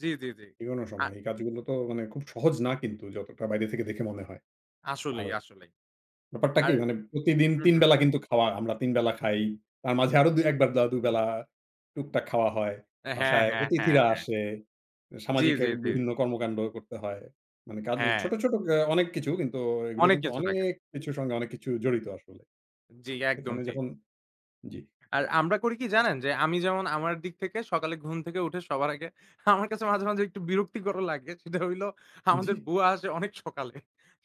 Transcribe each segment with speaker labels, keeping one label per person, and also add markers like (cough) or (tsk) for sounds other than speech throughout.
Speaker 1: জি, জি, জি।
Speaker 2: এগোনো
Speaker 1: আ
Speaker 2: সময় এই কাজগুলো তো মানে খুব সহজ না কিন্তু যতটা বাইরে থেকে দেখে মনে হয়। আর
Speaker 1: আসলেই, আসলেই।
Speaker 2: ব্যাপারটা কি
Speaker 1: আর
Speaker 2: মানে প্রতিদিন
Speaker 1: হু,
Speaker 2: ৩
Speaker 1: হু,
Speaker 2: বেলা
Speaker 1: হু।
Speaker 2: কিন্তু খাওয়া আমরা ৩ বেলা খাই। তার মাঝে আরো দু, ১ বার দুবেলা টুকটাক খাওয়া হয়।
Speaker 1: হ্যাঁ,
Speaker 2: বাসায়
Speaker 1: হ্যাঁ, হ্যাঁ,
Speaker 2: অতিথিরা
Speaker 1: হ্যাঁ।
Speaker 2: আসে।
Speaker 1: জি,
Speaker 2: সামাজিক ক্যা
Speaker 1: জি, জি।
Speaker 2: বিভিন্ন কর্মকান্ড করতে হয়। মানে কাজে
Speaker 1: হ্যাঁ।
Speaker 2: ছোট, ছোট, আ অনেক কিছু কিন্তু এগুলো
Speaker 1: অনেক
Speaker 2: কিন্তু
Speaker 1: কিছু
Speaker 2: অনেক
Speaker 1: থাকে।
Speaker 2: কিছুর সঙ্গে অনেক কিছু জড়িত আসলে।
Speaker 1: জি একদম
Speaker 2: এখানে
Speaker 1: ঠিক।
Speaker 2: যখন জি।
Speaker 1: আর
Speaker 2: (unintelligible)
Speaker 1: আমরা করি কি
Speaker 2: আচ্ছা।
Speaker 1: জানেন? যে আমি যেমন আমার দিক থেকে সকালে ঘুম থেকে উঠে সবার আগে আমার কাছে মাঝে মাঝে একটু বিরক্তিকর (tsk) ও লাগে। সেটা হইলো আমাদের
Speaker 2: জি।
Speaker 1: বুয়া আসে অনেক সকালে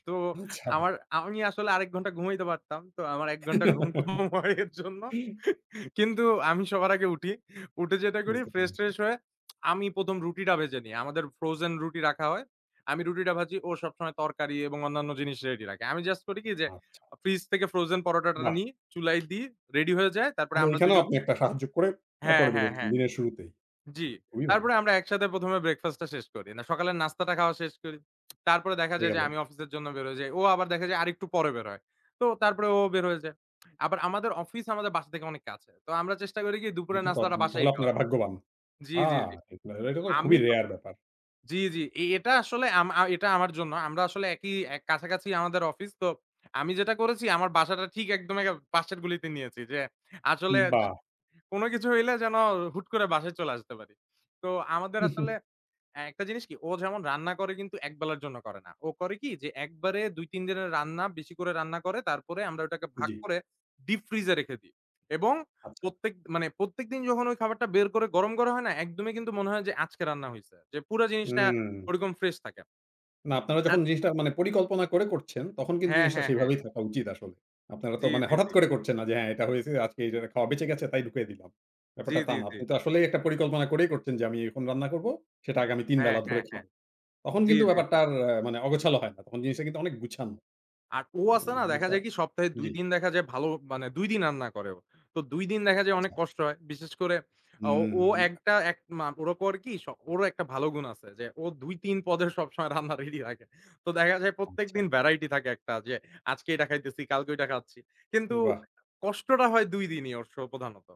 Speaker 1: তো
Speaker 2: আ ছাড়া।
Speaker 1: আমার আমি আসলে আরেক ঘন্টা ঘুমাইতে পারতাম। তো আমার ১ ঘন্টা ঘুম কম হয় এর জন্য
Speaker 2: (giggles)
Speaker 1: কিন্তু আমি সবার আগে উঠি। উঠে যেটা করি
Speaker 2: বুঝতে
Speaker 1: ফ্রেশ
Speaker 2: পেরেছি।
Speaker 1: ট্রেশ হয়ে আমি ১ম রুটিটা ভেজে নেই। আমাদের ফ্রোজেন রুটি রাখা হয়। আমি রুটিটা ভাজি ও সবসময় তরকারি এবং অন্যান্য জিনিস রেডি রাখে। আমি জাস্ট করি কি যে
Speaker 2: আচ্ছা।
Speaker 1: ফ্রিজ থেকে ফ্রোজেন পরোটাটা
Speaker 2: বাহ!
Speaker 1: নি, চুলায় দি, রেডি হয়ে যায়। তারপরে
Speaker 2: তাহলে
Speaker 1: আমরা
Speaker 2: ঐখানেও
Speaker 1: দুজন
Speaker 2: আপনি একটা সাহায্য করে
Speaker 1: হ্যাঁ,
Speaker 2: তারপরে
Speaker 1: হ্যাঁ,
Speaker 2: বেরোচ্ছেন
Speaker 1: হ্যাঁ।
Speaker 2: দিনের শুরুতেই।
Speaker 1: জি।
Speaker 2: খুবই ভালো।
Speaker 1: তারপরে আমরা একসাথে প্রথমে ব্রেকফাস্ট টা শেষ করি। না সকালের নাস্তাটা খাওয়া শেষ করি। তারপরে দেখা
Speaker 2: হয়ে
Speaker 1: যায় যে,
Speaker 2: গেলো।
Speaker 1: আমি অফিসের জন্য বের হয়ে যাই। ও আবার দেখা যায় আরেকটু পরে বেরোয়। তো তারপরে ও বের হয়ে যায়। আবার আমাদের অফিস আমাদের বাসা থেকে অনেক কাছে। তো আমরা চেষ্টা করি কি দুপুরের
Speaker 2: এটা তো
Speaker 1: নাস্তাটা
Speaker 2: আপনি
Speaker 1: বাসায়
Speaker 2: তাহলে
Speaker 1: খাওয়ার।
Speaker 2: আপনারা ভাগ্যবান।
Speaker 1: জি,
Speaker 2: আ
Speaker 1: জি, জি
Speaker 2: এটা তো খুবই
Speaker 1: আমি তো
Speaker 2: রেয়ার ব্যাপার।
Speaker 1: জি, জি। এ এটা আসলে আমা এটা আমার জন্য। আমরা আসলে একই এ্যা কাছাকাছি আমাদের অফিস। তো আমি যেটা করেছি আমার বাসাটা ঠিক একদম পাশের গলিতে নিয়েছি। যে আসলে যে
Speaker 2: বাহ!
Speaker 1: কোন কিছু হইলে যেন হুট করে বাসায় চলে আসতে পারি। তো আমাদের
Speaker 2: হু,
Speaker 1: আসলে
Speaker 2: হু।
Speaker 1: একটা জিনিস কি ও যেমন রান্না করে কিন্তু একবেলার জন্য করে না। ও করে কি যে একবারে ২-৩ দিনের রান্না বেশি করে রান্না করে তারপরে আমরা ওটাকে ভাগ
Speaker 2: জি।
Speaker 1: করে দীপ ফ্রিজ এ রেখে দিই। এবং
Speaker 2: আচ্ছা।
Speaker 1: প্রত্যেক মানে প্রত্যেকদিন যখন ওই খাবারটা বের করে গরম হয় না একদমই কিন্তু মনে হয় যে আজকে রান্না হইছে। যে পুরা জিনিসটা
Speaker 2: উম
Speaker 1: ওরকম ফ্রেশ থাকে।
Speaker 2: না আপনারা যখন
Speaker 1: আত
Speaker 2: জিনিসটা মানে পরিকল্পনা করে করছেন। তখন কিন্তু
Speaker 1: হ্যাঁ,
Speaker 2: জিনিসটা
Speaker 1: হ্যাঁ, হ্যাঁ।
Speaker 2: সেভাবেই থাকা উচিত আসলে। আপনারা তো
Speaker 1: জি,
Speaker 2: মানে
Speaker 1: জি,
Speaker 2: হঠাৎ
Speaker 1: জি।
Speaker 2: করে করছেন না যে হ্যাঁ এটা হয়েছে আজকে খাওয়া বেঁচে গেছে তাই ঢুকিয়ে দিলাম
Speaker 1: জি,
Speaker 2: ব্যাপারটা তা
Speaker 1: জি,
Speaker 2: না।
Speaker 1: জি।
Speaker 2: আপনি তো আসলেই একটা পরিকল্পনা করেই করছেন যে আমি এরকম রান্না করবো। সেটা আগামী ৩
Speaker 1: হ্যাঁ,
Speaker 2: বেলা ধরে
Speaker 1: হ্যাঁ, হ্যাঁ।
Speaker 2: খাবো। তখন
Speaker 1: জি,
Speaker 2: কিন্তু
Speaker 1: জি,
Speaker 2: ব্যাপারটা
Speaker 1: জি।
Speaker 2: আর মানে অগোছালো হয় না। তখন জিনিসটা কিন্তু অনেক গুছানো।
Speaker 1: আর ও আসে
Speaker 2: এ্যা
Speaker 1: না দেখা
Speaker 2: জিনিসটা
Speaker 1: যায় কি সপ্তাহে ২
Speaker 2: জি।
Speaker 1: দিন দেখা যায় ভালো মানে ২ দিন রান্না করে ও। তো ২ দিন দেখা যায় অনেক
Speaker 2: আচ্ছা।
Speaker 1: কষ্ট হয়। বিশেষ করে
Speaker 2: হু,
Speaker 1: ও
Speaker 2: হুম।
Speaker 1: একটা এক মা ওরা করে কি, স ওরও একটা ভালো গুণ আছে যে ও ২-৩ পদে সবসময় রান্না রেডি রাখে তো দেখা যায় প্রত্যেকদিন
Speaker 2: আচ্ছা।
Speaker 1: ভ্যারাইটি থাকে একটা যে আজকে এইটা খাইতেছি, কালকে ওইটা খাচ্ছি। কিন্তু
Speaker 2: বাহ!
Speaker 1: কষ্টটা হয় ২ দিনই ওর শো প্রধানত।